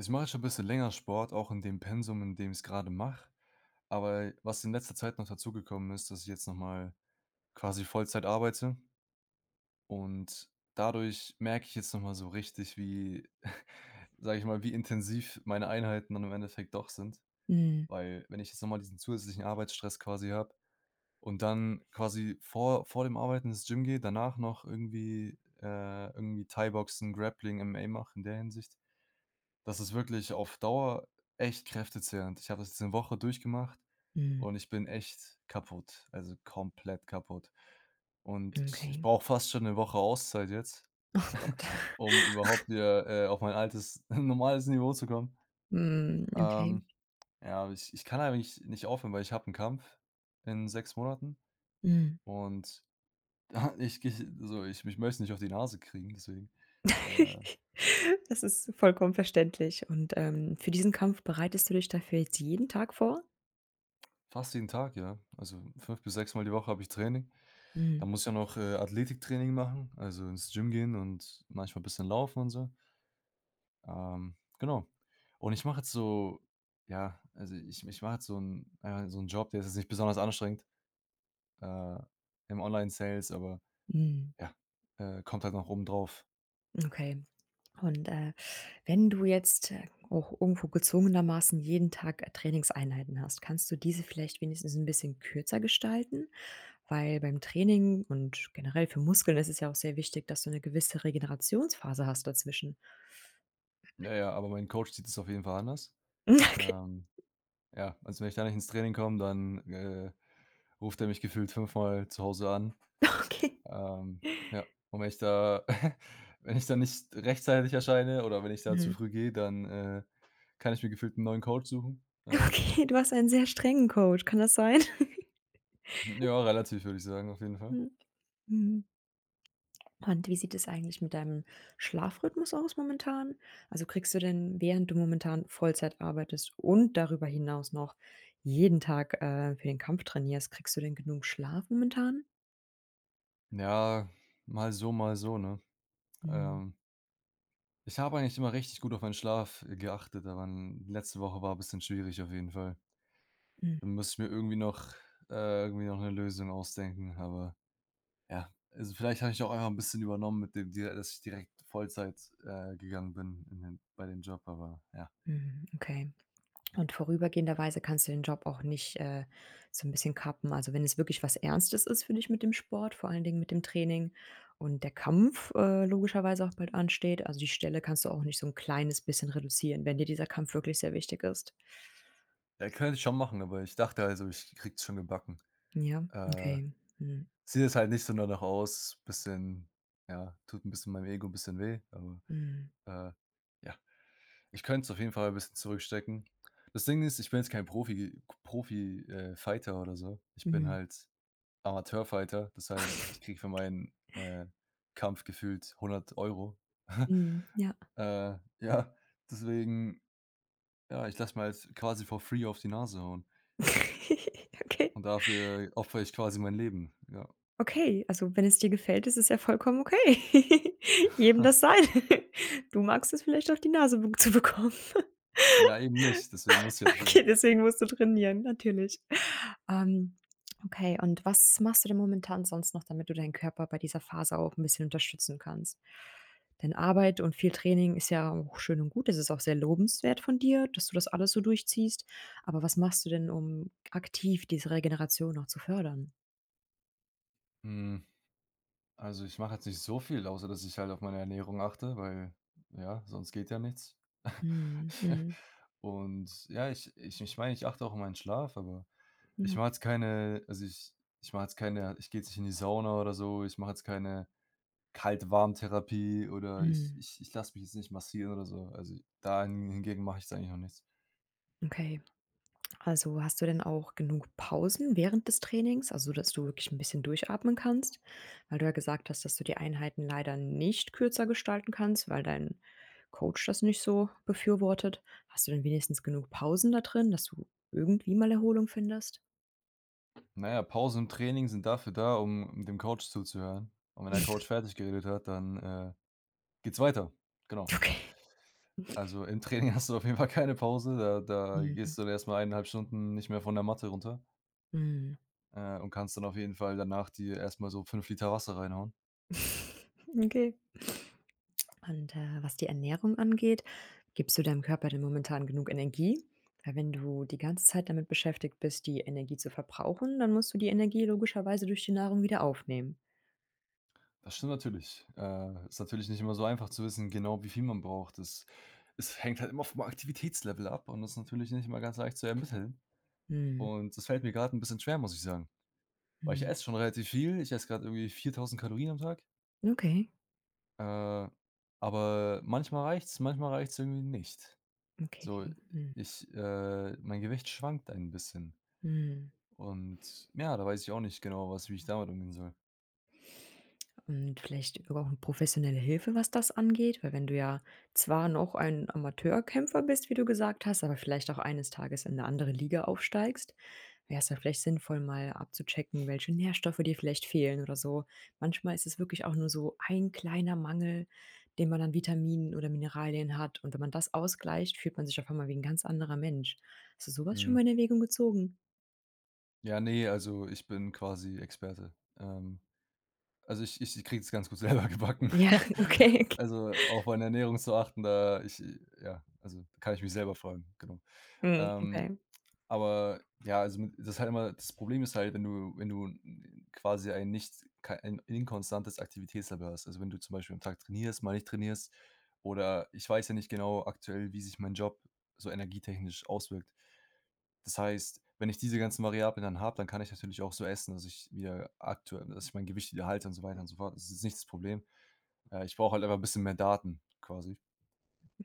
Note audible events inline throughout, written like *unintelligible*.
Ich mache jetzt schon bisschen länger Sport, auch in dem Pensum, in dem ich's gerade mache. Aber, was in letzter Zeit noch dazugekommen ist, dass ich jetzt noch mal quasi Vollzeit arbeite. Und dadurch merke ich jetzt noch mal so richtig, wie, *chuckles* sage ich mal, wie intensiv meine Einheiten dann im Endeffekt doch sind. Mhm. Weil wenn ich jetzt noch mal diesen zusätzlichen Arbeitsstress quasi habe und dann quasi vor vor dem Arbeiten ins Gym gehe, danach noch irgendwie, äh, irgendwie Thaiboxen, Grappling, MMA mache in der Hinsicht, das ist wirklich auf Dauer echt kräftezehrend, ich habe das diese Woche durchgemacht Mhm. und ich bin echt kaputt also komplett kaputt und ich Okay. brauche fast schon 'ne Woche Auszeit jetzt Oh Gott. *chuckles* um *laughs* überhaupt wieder, äh, auf mein altes *chuckles* normales Niveau zu kommen. Mhm, okay. Ähm, ja, ich ich kann eigentlich nicht aufhören, weil ich habe 'n Kampf in 6 Monaten Mhm. und ja, ich gehe so ich mich möchte nicht auf die Nase kriegen, deswegen, äh. *laughs* Das ist vollkommen verständlich und, ähm, für diesen Kampf bereitest du dich dafür jetzt jeden Tag vor? Fast jeden Tag, ja. Also 5 bis 6 Mal die Woche habe ich Training. Da Mhm. muss ja noch Athletiktraining machen, also ins Gym gehen und manchmal bisschen laufen und so. Ähm. Genau. Und ich mache jetzt so, ja also ich ich mache halt so 'n äh, so 'n Job, der ist jetzt nicht besonders anstrengend, äh, im Online-Sales, aber Mhm. ja, äh, kommt halt noch oben drauf. Okay. Und, äh, wenn du jetzt auch irgendwo gezwungenermaßen jeden Tag Trainingseinheiten hast, kannst du diese vielleicht wenigstens 'n bisschen kürzer gestalten? Weil beim Training und generell für Muskeln ist es ja auch sehr wichtig, dass du 'ne gewisse Regenerationsphase hast dazwischen. Na ja, aber mein Coach sieht es auf jeden Fall anders. Okay. Ähm, ja, also, wenn ich da nicht ins Training komm, dann, äh, ruft er mich gefühlt 5-mal zu Hause an. Okay. *chuckles* Ähm, ja, und wenn ich da *chuckles* wenn ich da nicht rechtzeitig erscheine oder wenn ich da zu Mhm. früh gehe, dann äh, kann ich mir gefühlt 'n neuen Coach suchen. *unintelligible* Okay, du hast einen sehr strengen Coach. Kann das sein? *chuckles* Ja, relativ würde ich sagen, auf jeden Fall. Hm. Mhm. Und wie sieht es eigentlich mit deinem Schlafrhythmus aus momentan? Also, kriegst du denn, während du momentan Vollzeit arbeitest und darüber hinaus noch jeden Tag, äh, für den Kampf trainierst, kriegst du denn genug Schlaf momentan? Ja, mal so, mal so, ne. Mhm. Ähm Ich habe eigentlich immer richtig gut auf meinen Schlaf, äh, geachtet, aber 'n letzte Woche war bisschen schwierig auf jeden Fall. Hm. Da muss ich mir irgendwie noch irgendwie noch äh, irgendwie noch 'ne Lösung ausdenken, aber ja. Also, vielleicht habe ich auch einfach 'n bisschen übernommen mit dem Deal, dass ich direkt Vollzeit, äh, gegangen bin in dem bei dem Job, aber ja. Mhm, okay. *swallows* Und vorübergehenderweise kannst du den Job auch nicht, äh, so 'n bisschen kappen. Also, wenn es wirklich was Ernstes ist, finde ich, mit dem Sport, vor allen Dingen mit dem Training und der Kampf, äh, logischerweise auch bald ansteht. Also, die Stelle kannst du auch nicht so 'n kleines bisschen reduzieren, wenn dir dieser Kampf wirklich sehr wichtig ist. Ja, könnte ich schon machen, aber ich dachte also, ich krieg's schon gebacken. Ja, Äh. okay. Mhm. Sieht jetzt halt nicht so danach aus, bisschen ja, tut 'n bisschen meinem Ego bisschen weh, aber, Mhm. äh, ja, ich könnt's auf jeden Fall 'n bisschen zurückstecken. Das Ding ist, ich bin jetzt kein Profi Profi äh, Fighter oder so. Ich bin Mhm. halt Amateur-Fighter, das heißt, ich krieg für meinen, *chuckles* äh, Kampf gefühlt 100 €. Mhm, ja. *chuckles* Äh. Ja, deswegen ja ,ich lasse mir jetzt quasi for free auf die Nase hauen. *giggles* Okay. Und dafür opfere ich quasi mein Leben, ja. Okay, also wenn es dir gefällt, ist es ja vollkommen okay. *chuckles* Jedem das *chuckles* Seine. *chuckles* Du magst es vielleicht auf die Nase b zu bekommen. *chuckles* Ja, eben nicht, deswegen muss jetzt. Okay, *unintelligible* deswegen musst du trainieren, natürlich. Ähm. Okay, und was machst du denn momentan sonst noch, damit du deinen Körper bei dieser Phase auch 'n bisschen unterstützen kannst? Denn Arbeit und viel Training ist ja auch schön und gut. Es ist auch sehr lobenswert von dir, dass du das alles so durchziehst. Aber was machst du denn, um aktiv diese Regeneration noch zu fördern? Hm. Also, ich mache jetzt nicht so viel außer dass ich halt auf meine Ernährung achte, weil ja, sonst geht ja nichts, Mhm, *chuckles* mhm. und, ja, ich ich ich meine, ich achte auch auf meinen Schlaf, aber ich Ja. mache jetzt keine also, ich ich mache jetzt keine ich gehe jetzt nicht in die Sauna oder so. Ich mache jetzt keine Kalt-Warm-Therapie oder ich Mhm. ich ich lasse mich jetzt nicht massieren oder so. Also, dahin hingegen mach ich jetzt eigentlich noch nichts. Okay. Also, hast du denn auch genug Pausen während des Trainings, also, dass du wirklich 'n bisschen durchatmen kannst? Weil du ja gesagt hast, dass du die Einheiten leider nicht kürzer gestalten kannst, weil dein Coach das nicht so befürwortet. Hast du denn wenigstens genug Pausen da drin, dass du irgendwie mal Erholung findest? Na ja, Pausen im Training sind dafür da, um dem Coach zuzuhören, und wenn der Coach *chuckles* fertiggeredet hat, dann, äh, geht's weiter, genau. Okay. *chuckles* Also, im Training hast du auf jeden Fall keine Pause, ja, da Mhm. gehst du erst mal 1 1/2 Stunden nicht mehr von der Matte runter Mhm. äh, und kannst dann auf jeden Fall danach dir erst mal so 5 l Wasser reinhauen. *chuckles* Okay. Und, äh, was die Ernährung angeht, gibst du deinem Körper denn momentan genug Energie? Weil wenn du die ganze Zeit damit beschäftigt bist, die Energie zu verbrauchen, dann musst du die Energie logischerweise durch die Nahrung wieder aufnehmen. Das stimmt natürlich. Äh, ist natürlich nicht immer so einfach zu wissen, genau wie viel man braucht. Das es hängt halt immer vom Aktivitätslevel ab und das ist natürlich nicht immer ganz leicht zu ermitteln. Mhm. Und das fällt mir gerade 'n bisschen schwer, muss ich sagen. Weil ich Mhm. esse schon relativ viel, ich esse gerade irgendwie 4000 Kalorien am Tag. Okay. Äh, aber manchmal reicht's, manchmal reicht's irgendwie nicht. So, Okay, hm. ich äh, mein Gewicht schwankt ein bisschen. Mhm. Und ja, da weiß ich auch nicht genau, was wie ich damit umgehen soll. Und vielleicht über auch professionelle Hilfe, was das angeht, weil wenn du ja zwar noch ein Amateurkämpfer bist, wie du gesagt hast, aber vielleicht auch eines Tages in 'ne andere Liga aufsteigst, wär's da vielleicht sinnvoll, mal abzuchecken, welche Nährstoffe dir vielleicht fehlen oder so. Manchmal ist es wirklich auch nur so ein kleiner Mangel, den man an Vitaminen oder Mineralien hat und wenn man das ausgleicht, fühlt man sich auf einmal wie 'n ganz anderer Mensch. Hast du so was schon Mhm. mal in Erwägung gezogen? Ja, ne, also ich bin quasi Experte, ähm. Also, ich ich kriege es ganz gut selber gebacken. Ja, *chuckles* okay. Also auf *chuckles* meine Ernährung zu achten, da ich ja, also kann ich mich selber fragen, genau. Mhm. Ähm, Okay. aber ja, also m das halt immer das Problem ist halt, wenn du wenn du n quasi ein nicht kei ein inkonstantes Aktivitätslevel hast, also wenn du zum Beispiel am Tag trainierst, mal nicht trainierst oder ich weiß ja nicht genau aktuell, wie sich mein Job so energietechnisch auswirkt. Das heißt, wenn ich diese ganzen Variablen dann habe, dann kann ich natürlich auch so essen, dass ich wieder aktuell dass ich mein Gewicht wieder halte und so weiter und so fort. Das ist nicht das Problem. Äh, ich brauche halt einfach 'n bisschen mehr Daten quasi.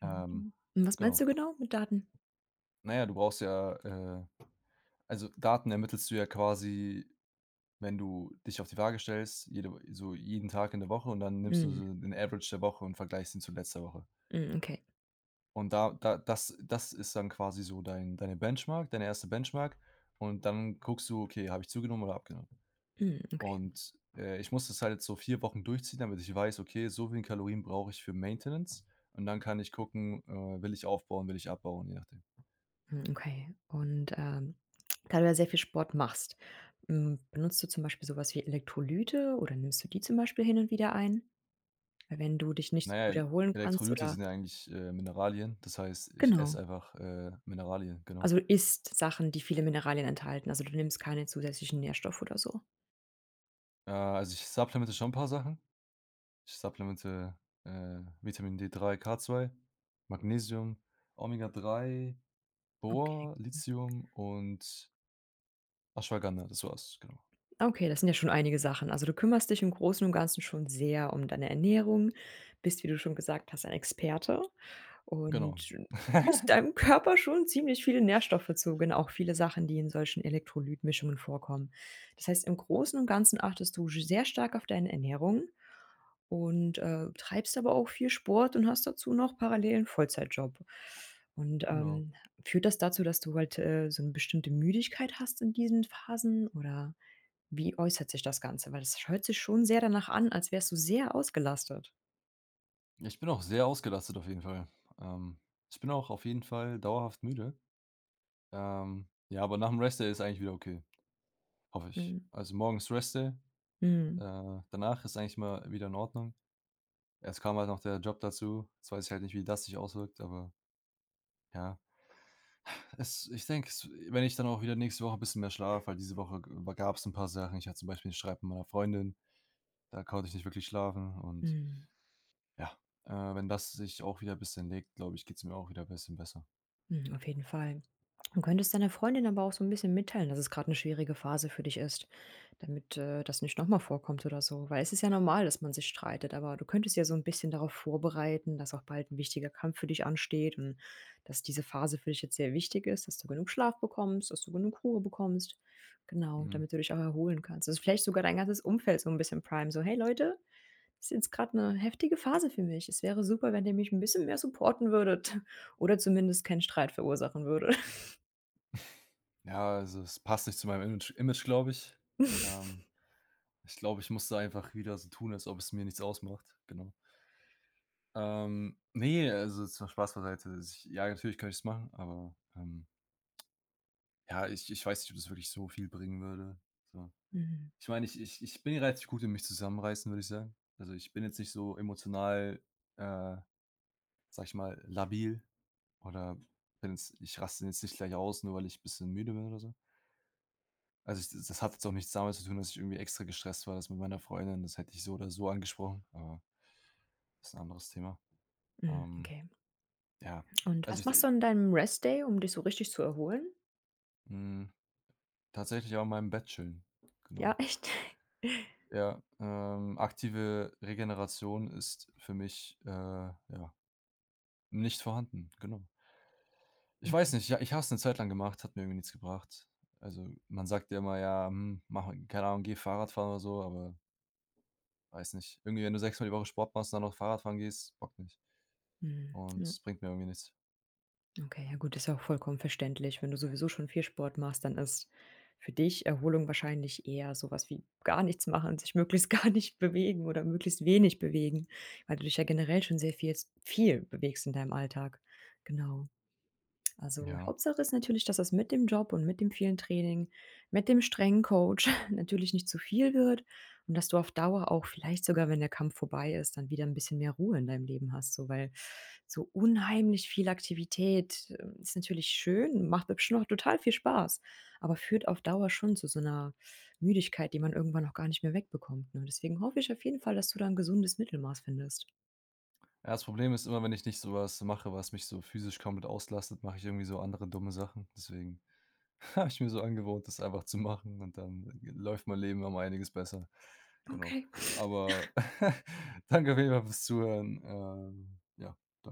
Ähm. Hm, was meinst Genau. du genau mit Daten? Na ja, du brauchst ja äh, also Daten ermittelst du ja quasi, wenn du dich auf die Waage stellst, jede so jeden Tag in der Woche und dann nimmst du Hm. so den Average der Woche und vergleichst ihn zu letzter Woche. Hm. Okay. Und da da das das ist dann quasi so dein deine Benchmark deine erste Benchmark und dann guckst du, okay, habe ich zugenommen oder abgenommen. Hm. Okay. Und, äh, ich muss das halt so 4 Wochen durchziehen, damit ich weiß, okay, so viele Kalorien brauche ich für Maintenance. Und dann kann ich gucken, äh, will ich aufbauen, will ich abbauen, je nachdem. Hm, okay. Und, ähm, da du ja sehr viel Sport machst, hm, benutzt du zum Beispiel so was wie Elektrolyte oder nimmst du die zum Beispiel hin und wieder ein? Weil wenn du dich nicht Na so ja, gut El erholen kannst Elektrolyte oder sind ja eigentlich, äh, Mineralien. Das heißt, ich Genau. esse einfach, äh, Mineralien, genau. Also, isst Sachen, die viele Mineralien enthalten, also, du nimmst keine zusätzlichen Nährstoffe oder so. Ja, also, ich supplemente schon 'n paar Sachen. Ich supplemente, äh, Vitamin D3, K2, Magnesium, Omega 3, Okay, Bor, hm. Lithium und Aschwaganda, das war's, genau. Okay, das sind ja schon einige Sachen. Also, du kümmerst dich im Großen und Ganzen schon sehr um deine Ernährung, bist wie du schon gesagt hast ein Experte Genau. und führst *giggles* deinem Körper schon ziemlich viele Nährstoffe zu ge auch viele Sachen, die in solchen Elektrolyt-Mischungen vorkommen. Das heißt im Großen und Ganzen achtest du sch sehr stark auf deine Ernährung und, äh, treibst aber auch viel Sport und hast dazu noch parallel 'n Vollzeitjob. Und, Genau. ähm, führt das dazu, dass du halt, äh, so 'ne bestimmte Müdigkeit hast in diesen Phasen oder wie äußert sich das Ganze? Weil das sch hört sich schon sehr danach an, als wärst du sehr ausgelastet. Ich bin auch sehr ausgelastet auf jeden Fall. Ähm, ich bin auch auf jeden Fall dauerhaft müde. Ähm, ja, aber nachm Rest Day ist eigentlich wieder okay, hoffe ich. Mhm. Also morgen ist Rest Day Mhm. äh, danach ist eigentlich immer wieder in Ordnung. Jetzt kam halt noch der Job dazu. Jetzt weiß ich halt nicht, wie das sich auswirkt, aber Ja. *sighs* Es ich denke, es wenn ich dann auch wieder nächste Woche 'n bisschen mehr schlafe weil diese Woche über gab's 'n paar Sachen. Ich hatte zum Beispiel 'n Streit mit meiner Freundin, da konnte ich nicht wirklich schlafen. Und Mhm. ja. Äh, wenn das sich auch wieder bisschen legt, glaube ich, geht's mir auch wieder bisschen besser. Mhm, auf jeden Fall. Du könntest deiner Freundin aber auch so 'n bisschen mitteilen, dass es gerade 'ne schwierige Phase für dich ist, damit, äh, das nicht noch mal vorkommt oder so. Weil es ist ja normal, dass man sich streitet, aber du könntest ja so 'n bisschen darauf vorbereiten, dass auch bald 'n wichtiger Kampf für dich ansteht und dass diese Phase für dich jetzt sehr wichtig ist, dass du genug Schlaf bekommst, dass du genug Ruhe bekommst. Genau, Mhm. damit du dich auch erholen kannst. Dass du vielleicht sogar dein ganzes Umfeld so 'n bisschen primen so: „Hey Leute, ist jetzt gerade 'ne heftige Phase für mich. Es wäre super, wenn ihr mich 'n bisschen mehr supporten würdet oder zumindest keinen Streit verursachen würde.“ *chuckles* Ja, also es passt nicht zu meinem Image Image, glaube ich. Ähm, *chuckles* ich glaube, ich muss da einfach wieder so tun, als ob es mir nichts ausmacht, genau. Ähm, ne, also jetzt mal Spaß beiseite, ich ja, natürlich könnte ich es machen, aber, ähm. Ja, ich ich weiß nicht, ob das wirklich so viel bringen würde, so. Mhm. Ich meine, ich ich ich bin relativ gut in mich zusammenreißen, würde ich sagen. Also, ich bin jetzt nicht so emotional, äh, sage ich mal, labil oder bin jetzt ich raste jetzt nicht gleich aus, nur weil ich bisschen müde bin oder so. Also ich das das hat jetzt auch nichts damit zu tun, dass ich irgendwie extra gestresst war. Das mit meiner Freundin, das hätte ich so oder so angesprochen, äh ist 'n anderes Thema. Mhm, Ähm, okay. ja, Und also was ich machst du d an deinem Rest-Day, um dich so richtig zu erholen? Hm. Tatsächlich auch mal im Bett chillen, genau. Ja, echt. *chuckles* Ja, ähm, aktive Regeneration ist für mich, äh, ja, nicht vorhanden, genau. Ich Okay. weiß nicht, ja, ich habe es 'ne Zeit lang gemacht, hat mir irgendwie nichts gebracht. Also, man sagt ja immer: „Ja, hm, mache keine Ahnung, gehe Fahrrad fahren.”, oder so, aber weiß nicht. Irgendwie, wenn du 6 Mal die Woche Sport machst, dann noch Fahrradfahren gehst, bockt nicht. Mhm. Und Ja. es bringt mir irgendwie nichts. Okay, ja gut ist ja auch vollkommen verständlich wenn du sowieso schon viel Sport machst dann ist für dich Erholung wahrscheinlich eher sowas wie gar nichts machen, sich möglichst gar nicht bewegen oder möglichst wenig bewegen weil du dich ja generell schon sehr vielst viel bewegst in deinem Alltag, genau. Also Ja. Hauptsache ist natürlich, dass das mit dem Job und mit dem vielen Training, mit dem strengen Coach *chuckles* natürlich nicht zu viel wird und dass du auf Dauer auch vielleicht sogar, wenn der Kampf vorbei ist, dann wieder 'n bisschen mehr Ruhe in deinem Leben hast so. Weil so unheimlich viel Aktivität ist natürlich schön, macht bestimmt auch total viel Spaß, aber führt auf Dauer schon zu so 'ner Müdigkeit, die man irgendwann auch gar nicht mehr wegbekommt, ne? Deswegen hoffe ich auf jeden Fall, dass du da 'n gesundes Mittelmaß findest. Ja, das Problem ist immer, wenn ich nicht so was mache, was mich so physisch komplett auslastet, mache ich irgendwie so andere dumme Sachen, deswegen habe ich mir so angewöhnt, das einfach zu machen, und dann g läuft mein Leben um einiges besser. Genau, Okay. aber *chuckles* *chuckles* danke auf jeden Fall fürs Zuhören. Ähm, ja. Da